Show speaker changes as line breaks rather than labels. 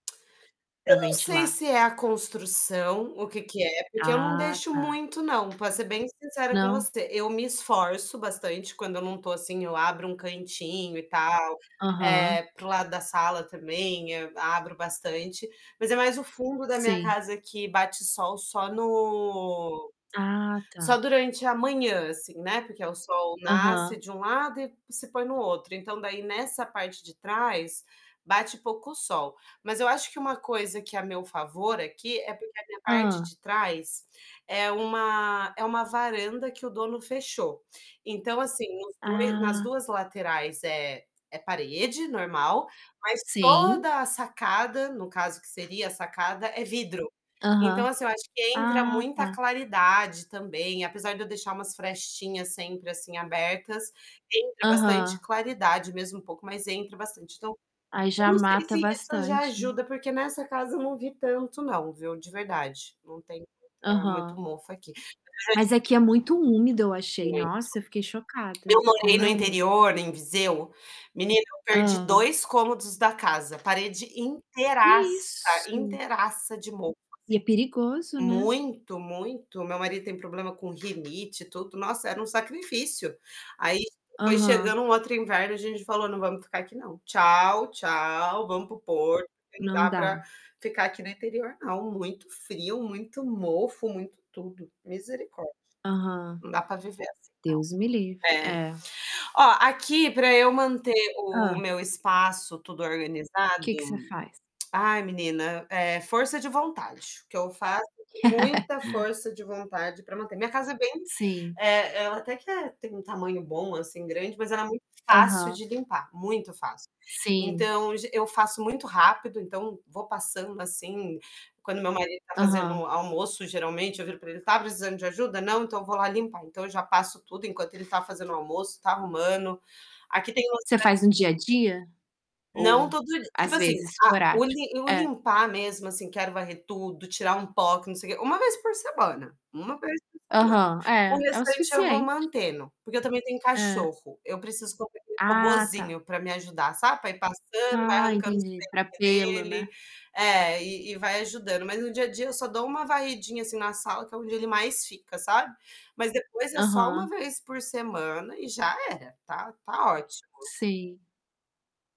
Pra
Eu não sei
ventilar.
se é a construção, o que que é, porque eu não
Ah,
deixo
tá.
muito não, pra ser bem sincera com
Não.
você. Eu me esforço bastante quando eu não tô, assim, eu abro um cantinho e tal,
Aham.
eh, para o lado da sala também, hã abro bastante, mas é mais o fundo da minha
Sim.
casa que bate sol só no
Ah,
só
tá.
durante a manhã, assim, né, porque o sol nasce
Aham.
de um lado e se põe no outro. Então, daí nessa parte de trás, bate pouco sol. Mas eu acho que uma coisa que é a meu favor aqui, é porque a minha parte
Hã.
de trás, é uma é uma varanda que o dono fechou. Então, assim, nos 2 nas
Ah.
2 laterais é é parede normal, mas
Sim.
toda a sacada, no caso que seria a sacada, é vidro. Então,
Aham.
assim eu acho que entra
Ah,
muita
tá.
claridade, também, apesar de eu deixar umas frestinhas sempre, assim, abertas, entra bastante
Aham.
claridade, mesmo um pouco, mas entra bastante. Então,
Aí já
eu não sei
mata
se isso já
bastante.
ajuda, porque nessa casa eu não vi tanto, não, viu, de verdade. Não tem muita muito
Aham.
mofo aqui. [unintelligible]
Mas aqui é muito úmido, eu achei.
Muito.
Nossa, eu fiquei chocada,
Eu morei
como
no
é úmido.
interior, em Viseu menina, eu perdi
Hã.
2 cômodos da casa, parede
Que é
inteiraça,
isso.
inteiraça de mofo,
E é perigoso,
assim
né?
muito, muito. Meu marido tem problema com rinite e tudo nossa, era um sacrifício. Aí foi
Aham.
chegando um outro inverno, a gente falou: "Não vamos ficar aqui não. Tchau, tchau, vamos para o Porto, não
Não
dá pra
dá.
ficar aqui no interior, não", muito frio, muito mofo, muito tudo, misericórdia.
Aham.
Não dá pra viver assim, não
Deus me livre
É.
é.
Ó, aqui pra eu manter o
Hã.
meu espaço, tudo organizado
Que que você faz?
ai, menina, é força de vontade, que eu falo, que tem que ter muita força de vontade pra manter minha casa é bem
Sim.
eh, ela até que é tem um tamanho bom, assim, grande, mas ela é muito fácil
Aham.
de limpar, muito fácil.
Sim.
Então, es eu faço muito rápido, então, vou passando, assim, quando meu marido tá fazendo
Aham.
almoço, geralmente, eu viro pra ele, "Tá precisando de ajuda? Não, então, eu vou lá limpar", então, eu já passo tudo enquanto ele tá fazendo o almoço, tá arrumando. Aqui tem
Você
ostra
faz no dia a dia?
Não,
Ou,
todo di tipo
às
assim,
vezes,
a o
esporádico.
lim o
É.
limpar mesmo, assim, quero varrer tudo, tirar um pó, que não sei quê 1 vez por semana, 1 vez por semana.
Aham,
O
é, é o
restante eu vou
suficiente.
mantendo, porque eu também tenho
É.
cachorro. Eu preciso comprar aquele
Ah, tá.
robozinho pra me ajudar, sabe, pra ir passando, vai
Ah,
arrancando os
entendi. Pra
pelinho
pelo,
dele
né?
é, e e vai ajudando, mas no dia a dia eu só dou uma varridinha, assim, na sala que é onde ele mais fica, sabe. Mas depois é só 1
Aham.
vez por semana e já era. Tá tá ótimo.
Sim.